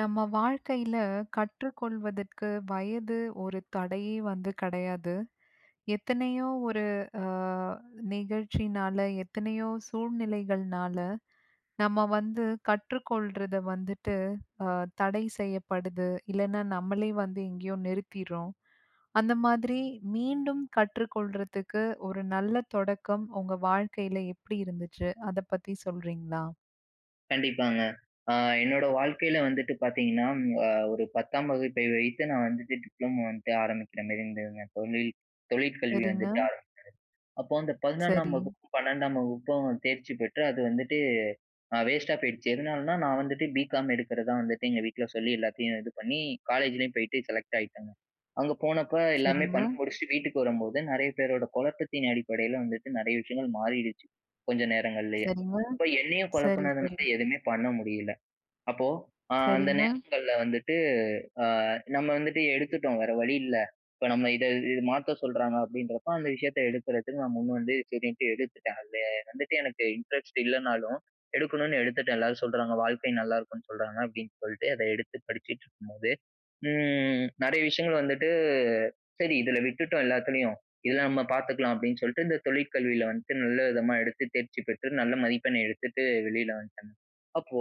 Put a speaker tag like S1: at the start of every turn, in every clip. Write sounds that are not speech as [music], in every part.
S1: நம்ம வாழ்க்கையில கற்றுக் கொள்வதற்கு வயது ஒரு தடையே வந்து கெடையாது. எத்தனையோ ஒரு அ நிகழ்ச்சினால எத்தனையோ சூழ்நிலைகள்னால நம்ம வந்து கற்றுக்கொள்றத வந்துட்டு அ தடை செய்யப்படுது. இல்லன்னா, நம்மளே வந்து எங்கேயோ நிறுத்திட்றோம். அந்த மாதிரி மீண்டும் கற்றுக் கொள்றதுக்கு ஒரு நல்ல தொடக்கம் உங்க வாழ்க்கையில எப்பிடி இருந்துச்சு? அத பத்தி சொல்றீங்களா?
S2: கண்டிப்பாங்க. அ என்னோட வாழ்க்கையில வந்துட்டு பார்த்தீங்கன்னா அ ஒரு 10தாம் வகுப்பை வைத்து நான் வந்துட்டு டிப்ளமோ வந்துட்டு ஆரம்பிக்கிறமாரி இருந்ததுங்க. தொழில் தொழிற்கல்வி
S1: சரிங்க.
S2: வந்துட்டு ஆரம்பிச்சது. அப்போ அந்த 11னாம்
S1: சரி.
S2: வகுப்பு, 12டாம் வகுப்பும் தேர்ச்சி பெற்று, அது வந்துட்டு அ வேஸ்டா போயிருச்சு. எதுனாலனா நான் வந்துட்டு பிகாம் எடுக்கிறதா வந்துட்டு எங்க வீட்ல சொல்லி எல்லாத்தையும் இது பண்ணி, காலேஜ்லேயும் போயிட்டு செலக்ட் ஆயிட்டேங்க. அங்கே போனப்ப எல்லாமே
S1: சரிங்க.
S2: பண்ணி முடிச்சுட்டு வீட்டுக்கு வரும்போதுதான் நிறைய பேரோட குழப்பத்தின் அடிப்படையில வந்துட்டு நிறைய விஷயங்கள் மாறிருச்சு. கொஞ்ச நேரங்கள்லேயே.
S1: சரிங்க.
S2: இப்போ என்னையும்
S1: சரி, சரி.
S2: குழப்பினதுனால எதுவுமே பண்ண முடியல. அப்போ அ அந்த
S1: சரிங்க.
S2: நேரங்கள்ல வந்துட்டு, அ நம்ம வந்துட்டு எடுத்துட்டோம் வேற வழி இல்ல. இப்போ நம்ம இத இது மாத்த சொல்றாங்க அப்பிடின்றப்போ அந்த விஷயத்த எடுக்கிறதுக்கு நான் முன் வந்து சரின்ட்டு எடுத்துட்டேன். அதில வந்துட்டு எனக்கு இன்டரெஸ்ட் இல்லனாலும், எடுக்கணுன்னு எடுத்துட்டேன், எல்லாரும் சொல்றாங்க. வாழ்க்கை நல்லாயிருக்கும்னு சொல்றாங்க, அப்பிடின்னு சொல்லிட்டு அத எடுத்து படிச்சிட்டு இருக்கும்போது, ம். நிறைய விஷயங்கள் வந்துட்டு, சரி இதுல விட்டுட்டோம் எல்லாத்துலயும். இதுல நம்ம பார்த்துக்கலாம் அப்பிடின்னு சொல்ட்டு இந்த தொழிற்கல்வியில வந்துட்டு நல்ல விதமா எடுத்து தேர்ச்சி பெற்று, நல்ல மதிப்பெண் எடுத்துட்டு வெளில வந்துட்டேங்க. அப்போ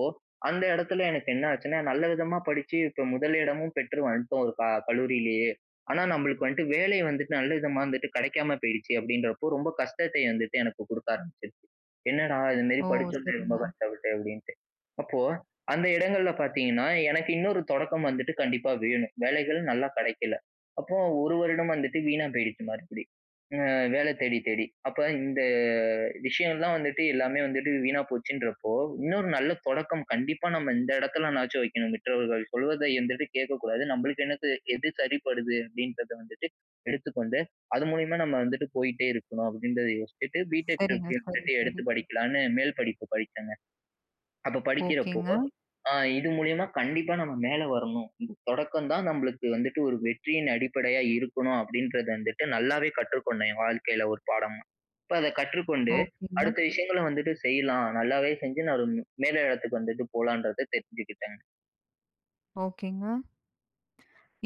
S2: அந்த இடத்துல எனக்கு என்ன ஆச்சுன்னா, நல்ல விதமா படிச்சு இப்போ முதல் இடமும் பெற்று வந்துட்டோம், ஒரு க கல்லூரியிலேயே. ஆனா, நம்மளுக்கு வந்துட்டு வேலை வந்துட்டு நல்ல விதமா வந்துட்டு கிடைக்காம போயிருச்சு, அப்பிடின்றப்போ ரொம்ப கஷ்டத்தை வந்துட்டு எனக்கு கொடுக்க ஆரம்பிச்சிது. என்னடா, இதுமாரி
S1: ஓ!
S2: படிச்சோமோ ரொம்ப
S1: சரிங்க.
S2: கஷ்டப்பட்டு, அப்பிடின்னுட்டு, அப்போ அந்த இடங்கள்ல பார்த்தீங்கன்னா, எனக்கு இன்னொரு தொடக்கம் வந்துட்டு கண்டிப்பா வேணும். வேலைகள் நல்லா கிடைக்கல. அப்போ 1 வருடம் வந்துட்டு வீணா போயிடுச்சு மறுபடி. அ வேலை தேடி, தேடி. அப்ப இந்த விஷயோல்லாம் வந்துட்டு எல்லாமே வந்துட்டு வீணா போச்சுன்றப்போ, இன்னொரு நல்ல தொடக்கம் கண்டிப்பா நம்ம இந்த இடத்துலனாச்சும் வைக்கணும், மற்றவர்கள் சொல்வதை இந்தவாட்டி கேட்கக்கூடாது. நம்மளுக்கு என்னது எது சரிப்படுது? அப்பிடின்றத வந்துட்டு எடுத்துக்கொண்டு அது மூலியமா நம்ம வந்துட்டு போயிட்டே இருக்கணும். அப்பிடின்றத யோசிச்சுட்டு, பிடெக்
S1: சரிங்க.
S2: ட்ரிபிள்ளி இன்னு
S1: சரி,
S2: சொல்லி எடுத்து
S1: சரி.
S2: படிக்கலான்னு மேல் படிப்பு படிச்சேங்க. அப்ப படிக்கிறப்போ
S1: ஓகேங்க.
S2: அ இது மூலியமா கண்டிப்பா நம்ம மேலே வரணும். ம். தொடக்கம் தான் நம்மளுக்கு வந்துட்டு ஒரு வெற்றியின் அடிப்படையா இருக்கணும் அப்பிடின்றத வந்துட்டு நல்லாவே கற்றுக்கொண்டேன் என் வாழ்க்கையில ஒரு பாடமா. இப்ப அத கற்றுக்கொண்டு
S1: ஓகேங்க.
S2: அடுத்த விஷயங்களை வந்துட்டு செய்யலாம், நல்லாவே செஞ்சு நான் ஒரு மேல இடத்துக்கு வந்துட்டு போலான்றத தெரிஞ்சுக்கிட்டேங்க.
S1: ஓகேங்க.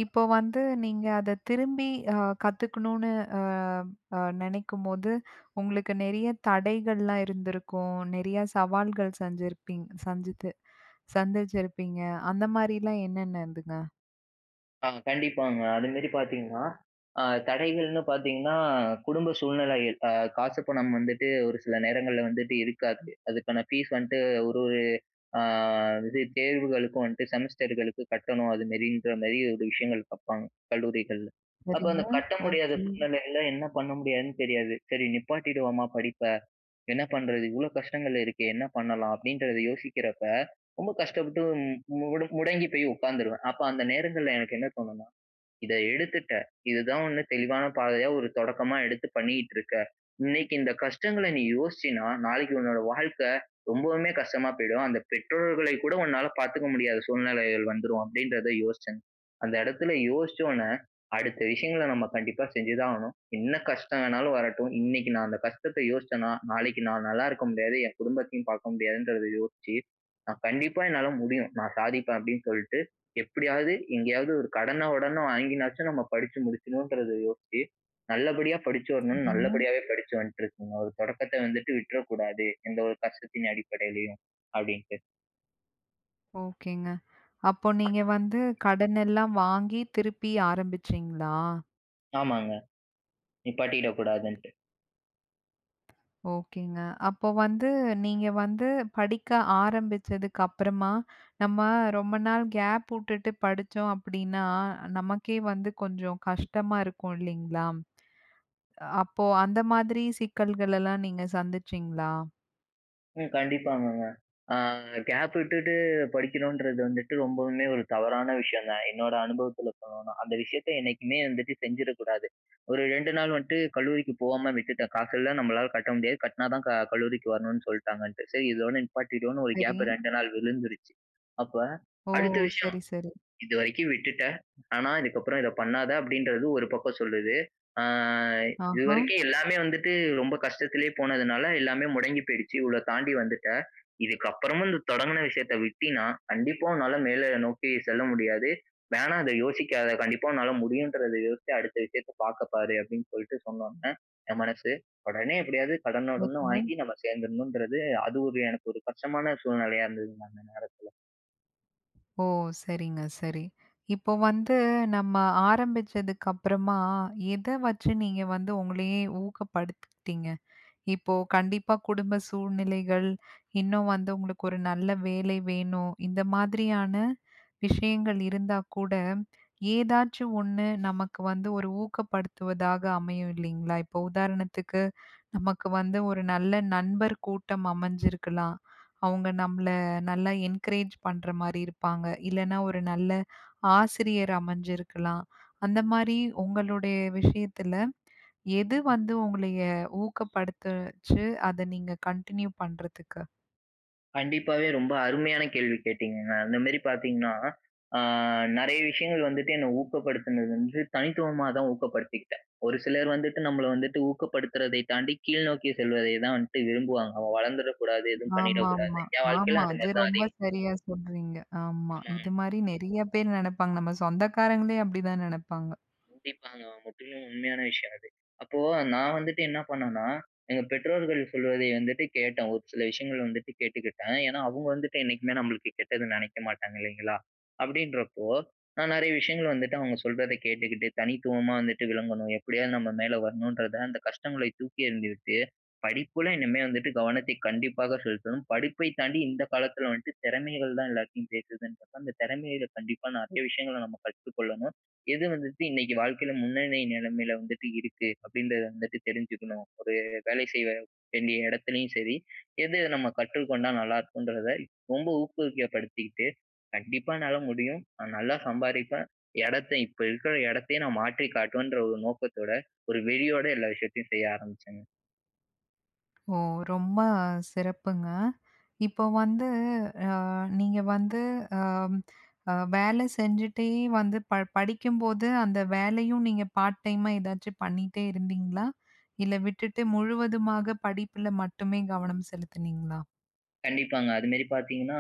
S1: இப்போ வந்து நீங்க அத திரும்பி, அ கத்துக்கணுனு அ, அ நினைக்கும்போது, உங்களுக்கு நிறைய தடைகள்லாம் இருந்திருக்கும். நிறைய சவால்கள் செஞ்சிருப்பிங் சஞ்சித்து சந்திச்சிருப்பீங்க. அந்த மாதிரிலாம் என்னென்ன இருந்ததுங்க?
S2: ஆ கண்டிப்பாங்க. அதுமேரி பார்த்தீங்கன்னா, அ தடைகள்னு பார்த்தீங்கன்னா, குடும்ப சூழ்நிலைகள் அ காசு, பணம் வந்துட்டு ஒரு சில நேரங்கள்ல வந்துட்டு இருக்காது. அதுக்கான ஃபீஸ் வந்துட்டு ஒரு அ இது தேர்வுகளுக்கும் வந்துட்டு செமஸ்டர்களுக்கு கட்டணும், அதுமாரின்றமாரி ஒரு விஷயங்கள் பார்ப்பாங்க, கல்லூரிகள்ல. அப்போ
S1: சரிங்க,
S2: அந்த கட்ட முடியாத
S1: ஓகே.
S2: சூழ்நிலைகள்ல, என்ன பண்ண முடியாதுன்னு தெரியாது. "சரி நிப்பாட்டிடுவோமா, படிப்ப. என்ன பண்ணுறது, இவ்ளோ கஷ்டங்கள் இருக்கே. என்ன பண்ணலாம்?" அப்பிடின்றத யோசிக்கிறப்ப, ரொம்ப கஷ்டப்பட்டு மு முடங்கி போய் உட்கார்ந்துருவேன். அப்ப அந்த நேரங்கள்ல எனக்கு என்ன தோணுனா, "இத எடுத்துட்ட, இதுதான் 1 தெளிவான பாதையா, ஒரு தொடக்கமா எடுத்து பண்ணிகிட்டு இருக்க. இன்னைக்கி இந்த கஷ்டங்கள நீ யோசிச்சேன்னா, நாளைக்கி உன்னோட வாழ்க்கை, ரொம்பவுமே கஷ்டமா போயிடும். அந்த பெற்றோர்களை கூட உன்னால பார்த்துக்க முடியாத சூழ்நிலைகள் வந்துரும்." அப்பிடின்றத யோசிச்சேன். அந்த இடத்துல யோசிச்ச ஒண்ணே, அடுத்த விஷயங்கள நம்ம கண்டிப்பா செஞ்சுதான் ஆகணும். என்ன கஷ்டம் வேணாலும் வரட்டும், இன்னைக்கு நான் அந்த கஷ்டத்த யோசிச்சேன்னா, நாளைக்கு நான் நல்ல இருக்க முடியாது. என் குடும்பத்தையும் பார்க்க முடியாதுன்றத யோசிச்சி நான், "கண்டிப்பா என்னால முடியும். நான் சாதிப்பேன்" அப்பிடின்னு சொல்லிட்டு, எப்படியாவது, எங்கேயாவது ஒரு கடன, உடன வாங்கினாச்சும், நம்ம படிச்சு முடிச்சுடணுன்றத யோசிச்சு, நல்லபடியா படிச்சு வரணும்னு,
S1: சரிங்க.
S2: நல்லபடியாவே படிச்சு வந்துட்டு இருக்கேங்க." ஒரு தொடக்கத்த வந்துட்டு விட்றக்கூடாது. எந்த ஒரு கஷ்டத்தின் அடிப்படையிலயும்", அப்படின்ட்டு.
S1: ஓகேங்க. அப்ப நீங்க வந்து கடனெல்லாம் வாங்கி திருப்பி ஆரம்பிச்சீங்களா?
S2: ஆமாங்க. நிப்பாட்டிடக் கூடாதுன்ட்டு.
S1: ஓகேங்க. அப்ப வந்து நீங்க வந்து படிக்க ஆரம்பிச்சதுக்கு அப்பறமா நம்ம ரொம்ப நாள் கேப் வுட்டுட்டு படிச்சோம் அப்படீன்னா, நமக்கே வந்து கொஞ்சம் கஷ்டமா இருக்கும் இல்லிங்களா? அப்போ அந்த மாதிரி சிக்கல்களல்லாம் நீங்க சந்திச்சீங்களா?
S2: ம். கண்டிப்பாங்கங்க. அ கேப் விட்டுட்டு படிக்கணுன்றது வந்துட்டு ரொம்பவுமே ஒரு தவறான விஷயம்தான், என்னோட அனுபவத்துல சொல்லணும்னா. அந்த விஷயத்தை என்னைக்குமே வந்துட்டு செஞ்சிடக்கூடாது. ஒரு 2 நாள் வந்துட்டு கல்லூரிக்கு போகாம விட்டுட்டேன். காசு இல்ல நம்மளால கட்ட முடியாது, கட்டுனா தான் க கல்லூரிக்கு வரணுன்னு சொல்லிட்டாங்கன்ட்டு. சரி இதோட நிப்பாட்டிடுவோனு ஒரு கேப்
S1: சரி.
S2: 2 நாள் விழுந்துருச்சு. அப்ப
S1: ஓ!
S2: அடுத்த விஷயம்
S1: சரி, சரி.
S2: "இதுவரைக்கும் விட்டுட்ட, ஆனா இதுக்கப்பறம் இதை பண்ணாத." அப்படின்றது ஒரு பக்கம் சொல்லுது. "அ இது
S1: ஆஹா.
S2: வரைக்கும் எல்லாமே வந்துட்டு ரொம்ப கஷ்டத்திலே போனதுனால, எல்லாமே முடங்கி போயிடுச்சு. இவ்வளோ தாண்டி வந்துட்ட. இதுக்கப்புறமும் இந்த தொடங்கின விஷயத்தை விட்டீனா, கண்டிப்பா உன்னால மேல நோக்கி செல்ல முடியாது. வேணா அதை யோசிக்காத! கண்டிப்பா உன்னால முடியுன்றத யோசிச்சு அடுத்த விஷயத்தை பார்க்க பாரு." அப்படின்னு சொல்லிட்டு சொன்ன உடனே என் மனசு, உடனே எப்படியாவது கடன உடன
S1: [unintelligible]
S2: வாங்கி நம்ம சேர்ந்துடணுன்றது, அது ஒரு எனக்கு ஒரு கஷ்டமான சூழ்நிலையா இருந்ததுங்க, அந்த நேரத்தில.
S1: ஓ! சரிங்க, சரி. இப்ப வந்து நம்ம ஆரம்பிச்சதுக்கு அப்பறமா, எத வச்சு நீங்க வந்து உங்களையே ஊக்கப்படுத்திக்கிட்டீங்க? இப்போ கண்டிப்பா குடும்ப சூழ்நிலைகள், இன்னும் வந்து உங்களுக்கு ஒரு நல்ல வேலை வேணும், இந்த மாதிரியான விஷயங்கள் இருந்தா கூட, ஏதாச்சு ஒண்ணு நமக்கு வந்து ஒரு ஊக்கப்படுத்துவதாக அமையும் இல்லிங்களா? இப்ப உதாரணத்துக்கு நமக்கு வந்து, ஒரு நல்ல நண்பர் கூட்டம் அமஞ்சிருக்கலாம். அவங்க நம்மள நல்லா என்கரேஜ் பண்ற மாரி இருப்பாங்க. இல்லன்னா ஒரு நல்ல ஆசிரியர் அமஞ்சிருக்கலாம். அந்த மாரி உங்களுடைய விஷயத்துல, எது வந்து உங்களைய ஊக்கப்படுத்துச்சு? அத நீங்க கண்டினியூ பண்றதுக்கு?
S2: கண்டிப்பாவே ரொம்ப அருமையான கேள்வி கேட்டீங்கங்க. அந்த மாதிரி பார்த்தீங்கன்னா, அ நிறைய விஷயங்கள் வந்துட்டு என்ன ஊக்கப்படுத்துனது வந்து தனித்துவமா தான் ஊக்கப்படுத்திக்கிட்டேன். ஒரு சிலர் வந்துட்டு நம்பள வந்துட்டு ஊக்கப்படுத்துறதை தாண்டி, கீழ் நோக்கி செல்வதை தான் வன்ட்டு விரும்புவாங்க. அவன் வளர்ந்துற கூடாது, எதுவும்
S1: ஆமாமா.
S2: பண்ணிடக்கூடாதுன்னு. என் வாழ்க்கைல
S1: ஆமா.
S2: அது
S1: அது
S2: மாதிரி தான்
S1: ரொம்ப
S2: அதிகமா [unintelligible]
S1: சரியா சொல்றீங்க. ஆமா, இது
S2: ஆமாங்க.
S1: மாரி நெறைய பேர் நெனப்பாங்க, நம்ம சொந்தக்காரங்களே அப்படிதான் நெனப்பாங்க.
S2: கண்டிப்பாங்க. முற்றிலும் உண்மையான விஷயம் அது. அப்போ நான் வந்துட்டு என்ன பண்ணன்னா, எங்க பெற்றோர்கள் சொல்வதை வந்துட்டு கேட்டேன். ஒரு சில விஷயங்கள் வந்துட்டு கேட்டுக்கிட்டேன். ஏன்னா அவங்க வந்துட்டு, என்னைக்குமே நம்பளுக்கு கெட்டது நெனைக்க மாட்டாங்க, இல்லைங்களா? அப்படின்றப்போ, நான் நெறைய விஷயங்கள் வந்துட்டு அவங்க சொல்றத கேட்டுக்கிட்டு, தனித்துவமா வந்துட்டு விளங்கணும். எப்படியாவது நம்ம மேலே வரணும்ன்றத அந்த கஷ்டங்களைத் தூக்கியெறிந்து விட்டு, படிப்புல இனிமே வந்துட்டு கவனத்தைக் கண்டிப்பாக செலுத்தணும். படிப்பை தாண்டி இந்த காலத்துல வந்துட்டு திறமைகள் தான் எல்லாத்தையும் பேசுதுன்றப்ப, அந்த திறமையில கண்டிப்பா நெறைய விஷயங்கள நம்ம கற்றுக்கொள்ளணும். "எது வந்துட்டு இன்னைக்கு வாழ்க்கையில முன்னனி நிலமையில வந்துட்டு இருக்கு?" அப்படின்றத வந்துட்டு தெரிஞ்சுக்கணும். ஒரு வேலை செய்ய வேண்டிய இடத்திலயும் சரி, எது நம்ம கற்றுக்கொண்டா நல்லா இருக்குன்றத, ரொம்ப ஊக்கப்படுத்திக்கிட்டு, கண்டிப்பா என்னால முடியும்! நான் நல்லா சம்பாரிப்பேன்! இடத்த இப்ப இருக்கிற இடத்தையே நா மாற்றி காட்டுவேன்ற ஒரு நோக்கத்தோட, ஒரு வெறியோட எல்லா விஷயத்தையும் செய்ய ஆரம்பிச்சேங்க.
S1: ஓ! ரொம்ப சிறப்புங்க. இப்ப வந்து அ நீங்க வந்து அ அ வேலை செஞ்சுட்டே வந்து ப படிக்கும்போது அந்த வேலையும் நீங்க பார்ட் டைமா ஏதாச்சும் பண்ணிட்டே இருந்தீங்களா? இல்ல விட்டுட்டு முழுவதுமாக படிப்பில மட்டுமே கவனம் செலுத்துனீங்களா?
S2: கண்டிப்பாங்க. அதுமாரி பார்த்தீங்கன்னா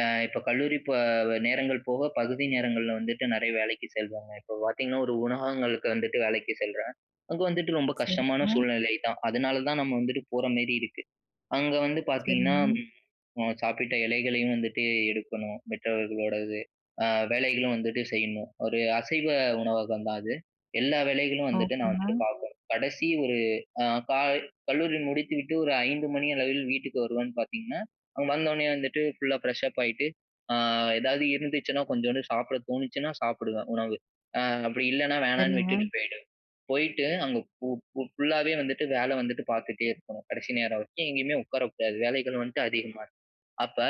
S2: அ இப்ப கல்லூரி ப நேரங்கள் போக பகுதி நேரங்கள்ல வந்துட்டு நெறைய வேலைக்கு செல்வாங்க. இப்ப பார்த்தீங்கன்னா ஒரு உணகங்களுக்கு வந்துட்டு வேலைக்கு செல்றேன். அங்க வந்துட்டு ரொம்ப கஷ்டமான
S1: சரிங்க.
S2: சூழ்நிலை தான். அதனால தான் நம்ம வந்துட்டு போற மாரி இருக்கு. அங்க வந்து பார்த்தீங்கன்னா
S1: சரிங்க.
S2: ம் அ சாப்பிட்ட இலைகளையும் வந்துட்டு எடுக்கணும், மற்றவர்களுடையது. அ வேலைகளும் வந்துட்டு செய்யணும். ஒரு அசைவ உணவகம் தான் அது. எல்லா வேலைகளும் வந்துட்டு நான் வந்துட்டு
S1: ஓகேங்க.
S2: பார்க்கணும். கடைசி ஒரு அ க கல்லூரி முடித்துவிட்டு ஒரு 5 மணி அளவில் வீட்டுக்கு வருவேன் பார்த்தீங்கன்னா, அங்க வந்தோனே வந்துட்டு ஃபுல்லா ஃப்ரெஷ் அப் ஆயிட்டு அ எதாவது இருந்துச்சுன்னா கொஞ்சோண்டு சாப்பிட தோணுச்சுனா சாப்பிடுவேன் உணவு. அ அப்படி இல்லைனா வேணான்னு
S1: சரிங்க.
S2: விட்டுட்டு போயிடுவேன். போயிட்டு அங்க ஃபு ஃபு ஃபுல்லாவே வந்துட்டு வேலை வந்துட்டு பார்த்துட்டே இருக்கணும். கடைசி நேரம் வரைக்கும் எங்கேயுமே உட்காரக்கூடாது. வேலைகள் வந்துட்டு அதிகமாருக்கும். அப்ப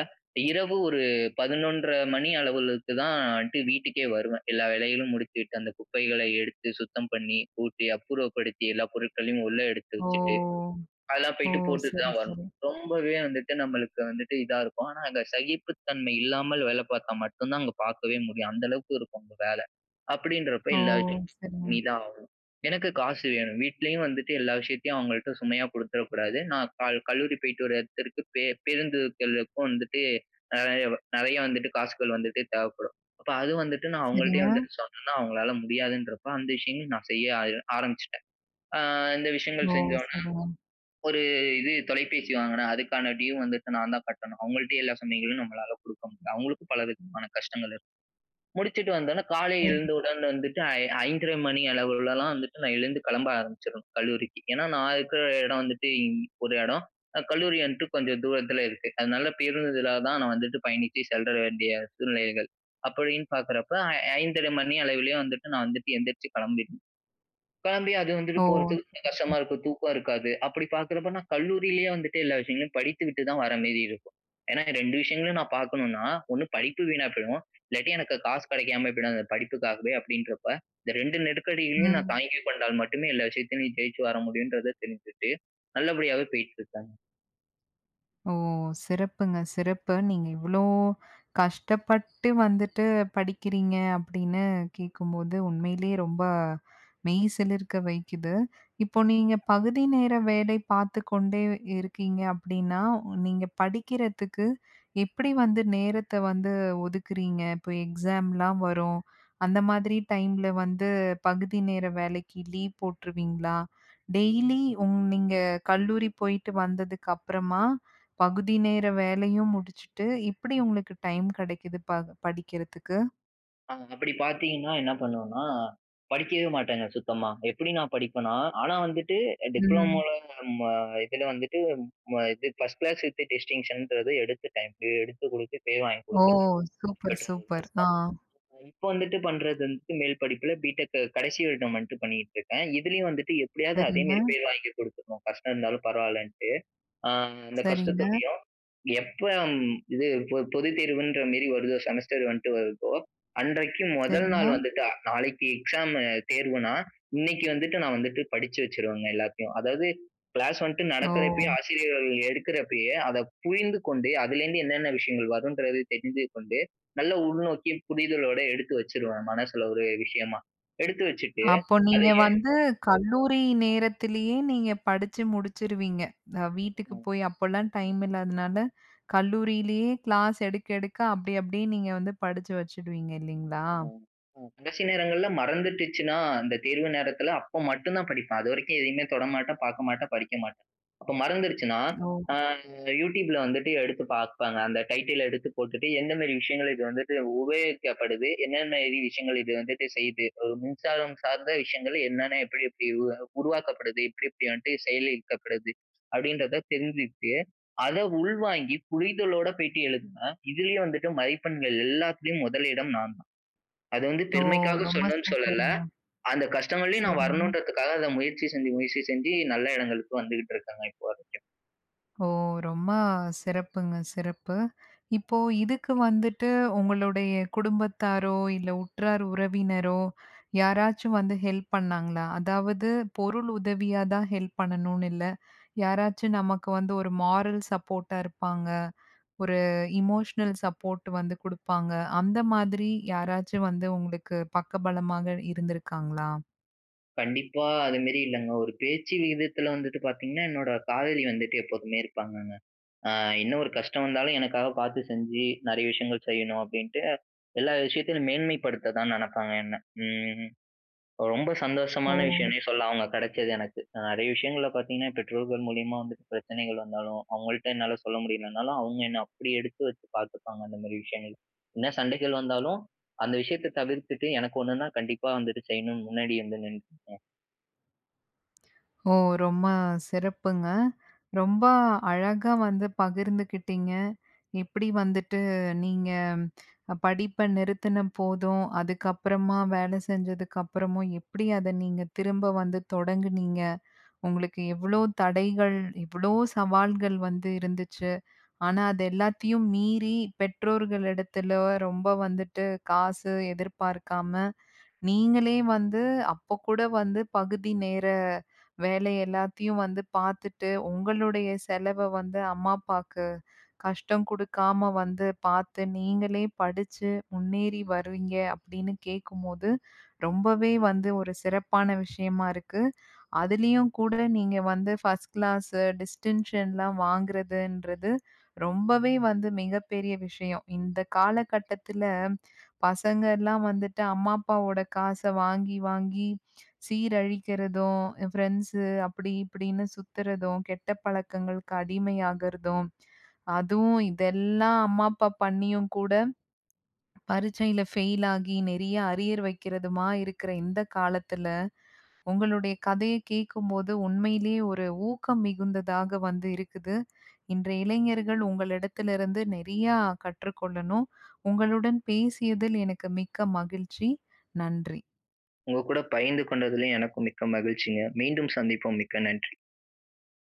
S2: இரவு ஒரு 11.30 மணி அளவிலுக்கு தான்டு வீட்டுக்கே வருவேன் எல்லா வேலைகளும் முடிச்சுட்டு. அந்த குப்பைகளை எடுத்து சுத்தம் பண்ணி, கூட்டி அப்புறப்படுத்தி, எல்லா பொருட்களையும் உள்ள எடுத்து
S1: ஓ!
S2: வச்சுட்டு, அதெல்லாம்
S1: ஓ!
S2: போய்ட்டு போட்டுட்டு
S1: சரி,
S2: தான் வரணும்.
S1: சரி.
S2: ரொம்பவே வந்துட்டு நம்மளுக்கு வந்துட்டு இதா இருக்கும். ஆனா அங்க சகிப்பு தன்மை இல்லாமல் வேலை பார்த்தா மட்டும் தான் அங்க பார்க்கவே முடியும். அந்த அளவுக்கு இருக்கும் அங்க வேலை. அப்படின்றப்ப
S1: ஓ!
S2: எல்லா விஷயத்தையும்
S1: சரிங்க.
S2: பண்ணிதாகணும். எனக்கு காசு வேணும். வீட்லயும் வந்துட்டு எல்லா விஷயத்தையும் அவங்கள்ட்ட சுமையா குடுத்துறக் கூடாது. நான் கால் கல்லூரி போய்ட்டு வரத்திற்கு பே பேருந்துக்களுக்கும் வந்துட்டு அ நெறைய வந்துட்டு காசுகள் வந்துட்டு தேவைப்படும். அப்ப அது வந்துட்டு நான் அவங்கள்ட்டேயே
S1: சரிங்க.
S2: வந்துட்டு சொன்னேனா அவங்களால முடியாதுன்றப்போ அந்த விஷயங்கள நான் செய்ய ஆய ஆரம்பிச்சுட்டேன். அ இந்த
S1: ஓ!
S2: விஷயங்கள் செஞ்ச உடனே
S1: சரிங்க.
S2: ஒரு இது தொலைபேசி வாங்கினேன். அதுக்கான டியூ வந்துட்டு நான் தான் கட்டணும். அவங்கள்ட்டே எல்லா சமயங்களும் நம்மளால குடுக்க முடில. அவங்களுக்கும் பல விதமான கஷ்டங்கள் இருக்கு. முடிச்சுட்டு வந்தோனே காலை
S1: சரி.
S2: எழுந்தவுடன் வந்துட்டு ஐந் 5.30 மணி அளவிலலாம் வந்துட்டு நான் எழுந்து கிளம்ப ஆரம்பிச்சுறனும் கல்லூரிக்கு. ஏன்னா நான் இருக்கிற இடம் வந்துட்டு இ ஒரு இடம். அ கல்லூரி வந்துட்டு கொஞ்சம் தூரத்தில இருக்கு. அதனால பேருந்துதலா தான் நான் வந்துட்டு பயணித்து செல்ற வேண்டிய சூழ்நிலைகள். அப்படின்னு பார்க்குறப்போ ஐ 5.30 மணி அளவிலேயே வந்துட்டு நான் வந்துட்டு எந்திரிச்சு கிளம்பிடணும். கிளம்பி அது வந்துட்டு
S1: ஓ!
S2: போறதுக்கு கொஞ்ச
S1: சரிங்க.
S2: கஷ்டமா இருக்கும். தூக்கம் இருக்காது. அப்படி பார்க்கிறப்போ நான் கல்லூரியிலேயே வந்துட்டு எல்லா விஷயங்களையும் படித்து விட்டு தான் வர மாரி இருக்கும். ஏன்னா 2 விஷயங்களையும் நான் பார்க்கணும்னா 1 படிப்பு வீணா போயிடும். இல்லாட்டி எனக்கு காசு கிடைக்காம போய்டும் அந்த படிப்புக்காகவே அப்படின்றப்ப. இந்த 2 நெருக்கடிகளையும் நான்
S1: ம்.
S2: தாங்கி கொண்டால் மட்டுமே எல்லா விஷயத்திலும் நீ ஜெயிச்சு வர முடியும்ன்றத தெரிஞ்சுகிட்டு, நல்லபடியாவே போயிட்டு இருக்கேங்க.
S1: ஓ! சிறப்புங்க சிறப்பு. நீங்க இவ்ளோ கஷ்டப்பட்டு வந்துட்டு படிக்கிறீங்க அப்படின்னு கேட்கும்போது, உண்மையிலயே ரொம்ப மெய் சிலிர்க்க வைக்குது. இப்போ நீங்க பகுதி நேர வேலை பாத்து கொண்டே இருக்கீங்க அப்படின்னா, நீங்க படிக்கிறதுக்கு எப்படி வந்து நேரத்த வந்து ஒதுக்குறீங்க? இப்போ எக்ஸாம்லாம் வரும் அந்த மாதிரி டைம்ல வந்து பகுதி நேர வேலைக்கு லீவ் போட்டுருவீங்களா? டெய்லி உங் நீங்க கல்லூரி போயிட்டு வந்ததுக்கு அப்புறமா, பகுதி நேர வேலையும் முடிச்சுட்டு, எப்படி உங்களுக்கு டைம் கிடைக்குது ப படிக்கிறதுக்கு?
S2: அ அப்பிடி பாத்தீங்கன்னா என்ன பண்ணுவனா, படிக்கவே மாட்டேங்க சுத்தமா. எப்படி நான் படிப்பேனா ஆனா வந்துட்டு
S1: ம்.
S2: டிப்ளமோல ம இதுல வந்துட்டு ம இது 1 கிளாஸ் டிஸ்டிங்ஷன்றது எடுத்துட்டேன். எடுத்து குடுத்து பேர் வாங்கி
S1: ஓ!
S2: குடுத்துட்டேன்.
S1: Super, super. ஆ.
S2: [unintelligible] இப்போ வந்துட்டு பண்றது வந்துட்டு, மேல் படிப்பில பிடெக் கடைசி வருடம் வந்துட்டு பண்ணிட்டு இருக்கேன். இதுலயும் வந்துட்டு எப்படியாவது
S1: சரிங்க.
S2: அதேமாரி பேர் வாங்கி குடுத்துறணும், கஷ்டம் இருந்தாலும் பரவாயில்லன்ட்டு. அ அந்த
S1: சரிங்க.
S2: கஷ்டத்தோடயும், எப்போ ம் இது பொ பொதுத் தேர்வுன்ற மாரி வருதோ, செமஸ்டர் வந்துட்டு வருதோ, அன்றைக்கு மொதல் நாள்
S1: சரிங்க.
S2: வந்துட்டு நாளைக்கு எக்ஸாம் தேர்வுனா, இன்னைக்கு வந்துட்டு நான் வந்துட்டு படிச்சு வச்சுருவேங்க எல்லாத்தையும். அதாவது கிளாஸ் வந்துட்டு நடக்கிறப்பயே,
S1: ஓ!
S2: ஆசிரியர்கள் எடுக்கிறப்பயே, அதை புரிந்து கொண்டே அதிலேருந்து என்னென்ன விஷயங்கள் வருன்றதயும் தெரிந்து கொண்டு, நல்ல உள்நோக்கி புரிதலோடு எடுத்து வச்சுருவேன். மனசுல ஒரு விஷயமா. எடுத்து வச்சுட்டு
S1: அப்போ
S2: அத
S1: நீங்க
S2: எ
S1: வந்து கல்லூரி நேரத்திலயே நீங்க படிச்சு முடிசிச்சுருவீங்க. அ வீட்டுக்கு
S2: ம்.
S1: போயி அப்போலாம் டைம் இல்லாதனால, கல்லூரியிலயே கிளாஸ் எடுக்க எடுக்க அப்படி அப்படியே நீங்க வந்து படிச்சு வச்சுடுவீங்க இல்லீங்களா?
S2: ம், ம். கடைசி நேரங்கள்ல மறந்துடுச்சுனா, அந்த தேர்வு நேரத்துல அப்ப மட்டும் தான் படிப்பேன். அது வரைக்கும் எதையுமே தொட மாட்டேன், பார்க்க மாட்டேன், படிக்க மாட்டேன். அப்ப மறந்துருச்சுனா,
S1: ஓ!
S2: அ யூடியூப்ல வந்துட்டு எடுத்து பார்ப்பேங்க. அந்த டைட்டில எடுத்து போட்டுட்டு எந்த மாதிரி விஷயங்கள் இது வந்துட்டு உபயோகிக்கப்படுது. என்னென்ன இது விஷயங்கள் இது வந்துட்டு செய்யுது. ஒரு மின்சாரம் சார்ந்த விஷயங்கள் என்னென்ன எப்படி எப்படி உருவா உருவாக்கப்படுது. எப்படி எப்படி வந்துட்டு செயல்படுத்தப்படுது, அப்படின்றத தெரிஞ்சிகிட்டு, அத உள்வாங்கி புரிதலோட போயிட்டு எழுதினா, இதுலயும் வந்துட்டு மதிப்பெண்கள் எல்லாத்திலயும் முதலிடம் நான் தான். அது வந்து
S1: ஓ!
S2: பெருமைக்காக
S1: ரொம்ப
S2: சொல்லணும்னு சொல்லல,
S1: சூப்பருங்க.
S2: அந்த கஷ்டங்கலயும் நான்
S1: சரிங்க.
S2: வரணுன்றதுக்காக அத முயற்சி செஞ்சு முயற்சி செஞ்சு. நல்ல இடங்களுக்கு வந்துகிட்டு இருக்கேங்க இப்போ வரைக்கும்.
S1: ஓ! ரொம்ப அ சிறப்புங்க, சிறப்பு. இப்போ இதுக்கு வந்துட்டு உங்களுடைய குடும்பத்தாரோ இல்ல, உற்றார், உறவினரோ யாராச்சும் வந்து ஹெல்ப் பண்ணாங்களா? அதாவது பொருள் உதவியா தான் ஹெல்ப் பண்ணணும்னு இல்ல, யாராச்சும் நமக்கு வந்து ஒரு மோரல் சப்போர்ட்டா இருப்பாங்க. ஒரு எமோஷனல் சப்போர்ட் வந்து குடுப்பாங்க. அந்த மாதிரி யாராச்சும் வந்து உங்களுக்கு பக்க பலமாக இருந்துருக்காங்களா?
S2: கண்டிப்பா. அது மாதிரி இல்லங்க, ஒரு பேச்சு விகிதத்துல வந்துட்டு பாத்தீங்கன்னா, என்னோட காதலி வந்துட்டு எப்போதுமே இருப்பாங்கங்க. அ என்ன ஒரு கஷ்டம் வந்தாலும், எனக்காக பாத்து செஞ்சு நிறைய விஷயங்கள் செய்யணும் அப்படின்ட்டு, எல்லா விஷயத்துலயும் மேன்மைப்படுத்த தான் நினைப்பாங்க என்ன. ம். ரொம்ப
S1: ஓ!
S2: சந்தோஷமான விஷயமுனே சொல்லாம், அவங்க கிடைச்சது எனக்கு. நிறைய விஷயங்கள்ல பாத்தீங்கன்னா, பெற்றோர்கள் மூலியமா வந்துட்டு பிரச்சனைகள் வந்தாலும், அவங்கள்ட்ட என்னால சொல்ல முடியலனாலும், அவங்க என்ன அப்படி எடுத்து வச்சு பார்த்துப்பாங்க அந்த மாதிரி விஷயங்கள்ல. என்ன சண்டைகள் வந்தாலும், அந்த விஷயத்த தவிர்த்துட்டு எனக்கு ஒண்ணுனா கண்டிப்பா வந்துட்டு செய்யணும்னு முன்னாடி வந்து நின்றுப்பா
S1: ஓ! ரொம்ப சிறப்புங்க. ரொம்ப, அழகா வந்து பகிர்ந்துகிட்டிங்க. எப்பிடி வந்துட்டு நீங்க படிப்ப நிறுத்தின போதும், அதுக்கப்புறமா வேல செஞ்சதுக்கு அப்புறமும், எப்படி அத நீங்க திரும்ப வந்து தொடங்குனீங்க. உங்களுக்கு எவ்வளவு தடைகள்? எவ்வளோ சவால்கள்? வந்து இருந்துச்சு. ஆனா, அது எல்லாத்தையும் மீறி பெற்றோர்களிடத்துல ரொம்ப வந்துவிட்டு காசு எதிர்பார்க்காம, நீங்களே வந்து, அப்போ கூட வந்து பகுதி நேர வேல எல்லாத்தையும் வந்து பாத்துட்டு, உங்களுடைய செலவ வந்து அம்மா, அப்பாக்கு கஷ்டம் கொடுக்காம வந்து பாத்து, நீங்களே படிச்சி முன்னேறி வர்றீங்க. அப்படின்னு கேட்கும்போது ரொம்பவே வந்து ஒரு சிறப்பான விஷயமா இருக்கு. அதுலையும், கூட நீங்க வந்து 1ஸ்ட் கிளாஸ் டிஸ்டன்ஷன்லாம் வாங்குறதுன்றது ரொம்பவே வந்து மிகப்பெரிய விஷயம். இந்த காலகட்டத்துல, பசங்கள்லாம் வந்துட்டு அம்மா, அப்பாவோட காச வாங்கி வாங்கி சீரழிக்குறதும், ஃப்ரெண்ட்ஸு அப்படி, இப்படின்னு சுத்துறதும், கெட்ட பழக்கங்களுக்கு அடிமையாகுறதும் அதுவும் இதெல்லா அம்மா, அப்பா பண்ணியும் கூட பரீட்சையில ஃபெயிலாகி நிறைய அரியர் வைக்குறதுமா இருக்கிற இந்த காலத்துல, உங்களுடைய கதய கேட்கும்போது உண்மையிலேய ஒரு ஊக்கம் மிகுந்ததாக வந்து இருக்குது. இன்றைய இளைஞர்கள் உங்களிடத்துலிருந்து நிறையா கற்றுக் கொள்ளணும். உங்களுடன் பேசியதில் எனக்கு மிக்க மகிழ்ச்சி. நன்றி!
S2: உங்க கூட பகிர்ந்து கொண்டதுல, எனக்கும் மிக்க மகிழ்ச்சிங்க. மீண்டும் சந்திப்போம். மிக்க நன்றி!